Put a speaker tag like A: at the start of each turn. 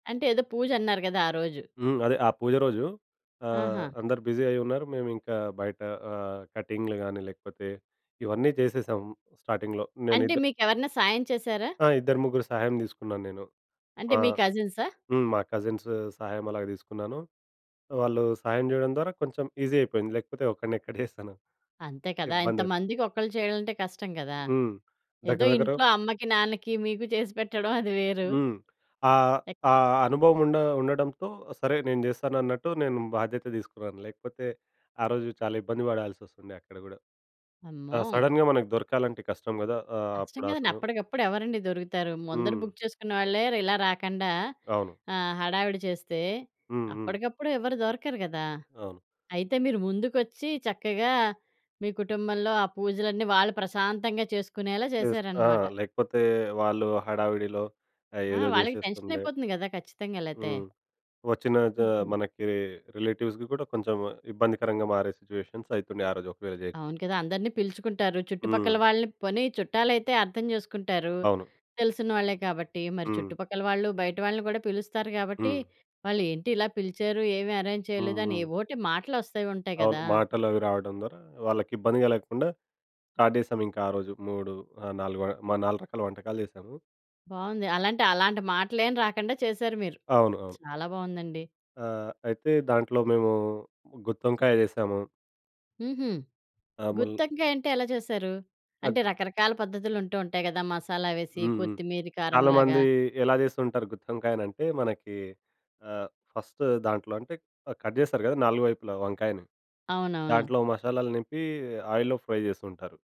A: అంటే ఏదో పూజన్నారు గదా, ఆ రోజు?
B: హ్మ్. అదే ఆ పూజ రోజు. ఆహ్,
A: ఆహా!
B: అందరూ బిజీ అయ్యున్నారు. మేము ఇంకా బయట ఆహ్, కటింగులు గాని లేకపోతే, ఇవన్నీ చేసేసాం స్టార్టింగ్‌లో నేను
A: అంటే
B: ఇద్ద
A: మీకెవరన్నా సాయం చేసారా?
B: ఆ! ఇద్దరు ముగ్గురు సహాయం తీసుకున్నాన నేను.
A: అంటే మీ
B: ఆహ్,
A: కజిన్సా?
B: హ్మ్. మా కజిన్సు సహాయం అలాగా తీసుకున్నాను. వాళ్ళు సహాయం చేయడం ద్వారా కొంచెం ఈజీ అయిపోయింది లేకపోతే ఒకడిని ఎక్కడే చేస్తాను.
A: అంతే కదా!
B: ఇబ్బంది అయిపో
A: ఇంతమందికి ఒక్కళ్ళు చేయాలంటే కష్టం కదా!
B: హ్మ్.
A: ఏదో
B: దగ్గర దగ్గర
A: ఇంట్లో అమ్మకి, నాన్నకి, మీకు చేసిపెట్టడం అది వేరు.
B: హ్మ్. ఆహ్,
A: ఎక్
B: ఆహ్, అనుభవం ఉండ ఉండడంతో, సరే నేను చేస్తానన్నట్టు నేను బాధ్యత తీసుకున్నాను. లేకపోతే, ఆరోజు చాలా ఇబ్బంది పడాల్సొస్తుండే అక్కడ గూడా. ఆ!
A: అమ్మో!
B: సడెన్‌గా మనకు దొరకాలంటే కష్టం గదా! ఆహ్,
A: కష్టం
B: అప్పుడు
A: కదండీ.
B: అసలు.
A: అప్పడికప్పుడు ఎవరండి దొరుకుతారు? ముందర
B: హ్మ్.
A: బుక్ చేసుకున్నవాళ్ళే ఇలా రాకండా
B: అవును.
A: ఆహ్, హడావిడి చేస్తే,
B: హ్మ్. హ్మ్.
A: అప్పడికప్పుడు ఎవరు దొరకరు గదా!
B: అవును.
A: అయితే మీరు ముందుకొచ్చి చక్కగా, మీ కుటుంబంలో ఆ పూజలన్నీ వాళ్ళు ప్రశాంతంగా చేసుకునేలా
B: చేస్ ఆ!
A: చేసారనమాట.
B: లేకపోతే వాళ్ళు హడావిడిలో
A: ఆ!
B: ఏదో
A: వాళ్ళకి
B: చేసేస్తుండే.
A: టెన్షనయిపోతుంది గదా! ఖచ్చితంగా. లేతే.
B: హ్మ్. వచ్చిన ద
A: హుహు.
B: మనకీ రిలేటివ్స్‌కి కూడా కొంచెం ఇబ్బందికరంగా మారే సిట్యుయేషన్స్ అయితున్నాయి ఆ రోజు ఒకవేళ జేయకపొ
A: అవును కదా! అందరిని పిలుచుకుంటారు. చుట్టుపక్కల
B: హ్మ్.
A: వాళ్ళని పోనీ చుట్టాలైతే అర్థం చేసుకుంటారు.
B: అవును.
A: తెలిసిన వాళ్ళే కాబట్టి. మరి
B: హ్మ్.
A: చుట్టుపక్కల వాళ్ళు, బయట వాళ్ళని గూడా పిలుస్తారు గాబట్టి,
B: హ్మ్.
A: వాళ్ళేంటి ఇలా పిలిచారు, ఏమి అరేంజ్ చేయలేదు
B: హ్మ్.
A: అని
B: హ్మ్.
A: ఏవోటి మాటలొస్తూంటాయి
B: అవును.
A: గదా!
B: మాటలవి రావడం ద్వారా వాళ్ళకి ఇబ్బంది కలగకుండా స్టార్ట్ జేశాం. ఇంక ఆ రోజు మూడు ఆహ్, నాలుగు వ 4 రకాల వంటకాలు చేసాము.
A: బావుంది. అలాంటి అలాంటి మాటలేం రాకండా చేసారు మీరు.
B: అవును. అవును.
A: చాలా బావుందండి.
B: ఆహ్, అయితే దాంట్లో మేము గుత్తొంకాయ చేశాము.
A: హుహు.
B: ఆ! ముల్
A: గుత్తంకాయంటే ఎలా చేసారు? అంటే
B: అగూ
A: రకరకాల పద్ధతులుంటూ ఉంటాయి కదా! మసాలా వేసి,
B: హ్మ్. హ్మ్.
A: కొత్తిమీరి కారం
B: చాలా
A: లాగా.
B: మంది ఎలా చేసుంటారు గుత్తి వంకాయనంటే, మనకీ ఆహ్, ఫస్ట్ దాంట్లో అంటే కట్ జేస్తారు కదా! 4 వైపులా వంకాయని.
A: అవునవును.
B: దాంట్లో మషాలాలు నింపి, ఆయిల్‌లో ఫ్రై చేస్తూంటారు.